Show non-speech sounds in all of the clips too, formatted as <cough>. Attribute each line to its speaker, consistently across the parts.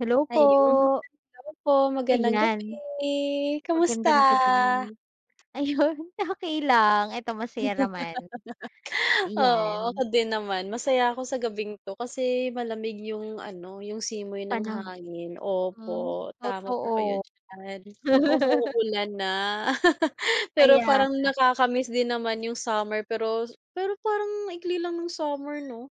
Speaker 1: Hello po!
Speaker 2: Ayun, hello po magandang gabi,
Speaker 1: Ayan.
Speaker 2: kamusta?
Speaker 1: Magandang gabi. Ayun, okey lang, ito masaya naman.
Speaker 2: <laughs> Oo
Speaker 1: Iyan.
Speaker 2: ako din naman masaya ako sa gabing ito kasi malamig yung ano, yung simoy ng
Speaker 1: Panaho
Speaker 2: hangin,
Speaker 1: hmm,
Speaker 2: opo tama po kayo
Speaker 1: totoo.
Speaker 2: diyan,
Speaker 1: <laughs>
Speaker 2: umuulan na. <laughs> Pero
Speaker 1: Kaya
Speaker 2: parang
Speaker 1: nga.
Speaker 2: nakakamiss din naman yung summer pero s pero parang ang ikli lang ng summer no?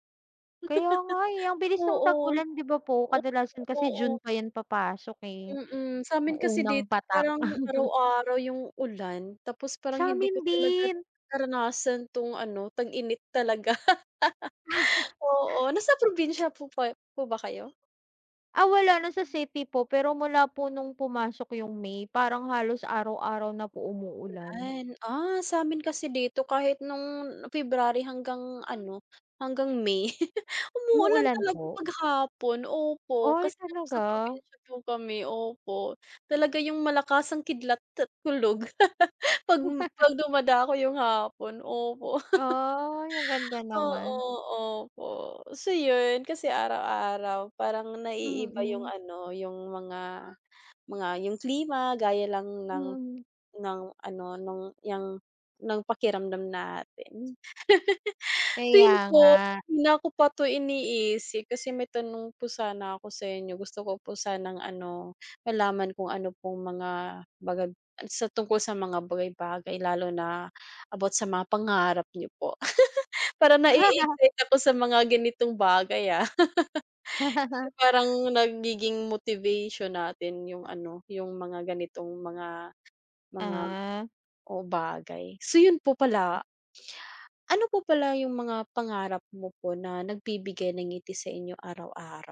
Speaker 1: Kaya nga, eh, ang
Speaker 2: <laughs>
Speaker 1: bilis ng
Speaker 2: Oo.
Speaker 1: tag-ulan di ba po kadalasan
Speaker 2: Oo
Speaker 1: kasi June
Speaker 2: oo.
Speaker 1: pa yan papasok, eh,
Speaker 2: Mm
Speaker 1: yung
Speaker 2: samin kasi
Speaker 1: unang
Speaker 2: dito
Speaker 1: patak.
Speaker 2: parang
Speaker 1: <chuckles>
Speaker 2: araw-araw yung ulan tapos parang hindi ko
Speaker 1: Samin
Speaker 2: talaga
Speaker 1: din.
Speaker 2: naranasan tong ano, tag-init talaga. <laughs>
Speaker 1: <chuckles>
Speaker 2: Oo nasa probinsya po ba po ba kayo?
Speaker 1: Ah, wala nasa city po, pero mula po nung pumasok yung May parang halos araw-araw na po umuulan.
Speaker 2: Ulan. Ah, samin kasi dito kahit nung February hanggang ano, hanggang May, <chuckles> umuulan
Speaker 1: Umuulan
Speaker 2: talaga
Speaker 1: po?
Speaker 2: pag hapon, opo,
Speaker 1: Ay
Speaker 2: kasi nasa
Speaker 1: talaga?
Speaker 2: probinsya po kami opo talaga yung malakasang kidlat at kulog <laughs> pag m
Speaker 1: <laughs>
Speaker 2: pag dumadako yung hapon opo.
Speaker 1: Ay, ang ganda
Speaker 2: <laughs> Oo
Speaker 1: naman.
Speaker 2: opo, so yun, kasi araw-araw parang na-iiba yung
Speaker 1: Mm.
Speaker 2: ano, yung mga mga yung klima gaya lang ng
Speaker 1: Mm.
Speaker 2: ng ano nung yang ng pakiramdam natin. <laughs> Same
Speaker 1: Kaya nga.
Speaker 2: po, kanina ko pa to iniisip, kasi may tanong po sana ako sa inyo gusto ko po sanang ano, malaman kung ano pong mga bagag ay sa tungkol sa mga bagay-bagay lalo na about sa mga pangarap niyo po <giggles> parang
Speaker 1: <laughs>
Speaker 2: na-eexcite ako sa mga ganitong bagay ah. <laughs> Kasi
Speaker 1: <laughs>
Speaker 2: parang nagiging motivation natin yung ano, yung mga ganitong mga mga
Speaker 1: Ah.
Speaker 2: oo bagay. So yun po pala. ano po pala yung mga pangarap mo po na nagbibigay ng ngiti sa inyo araw-araw?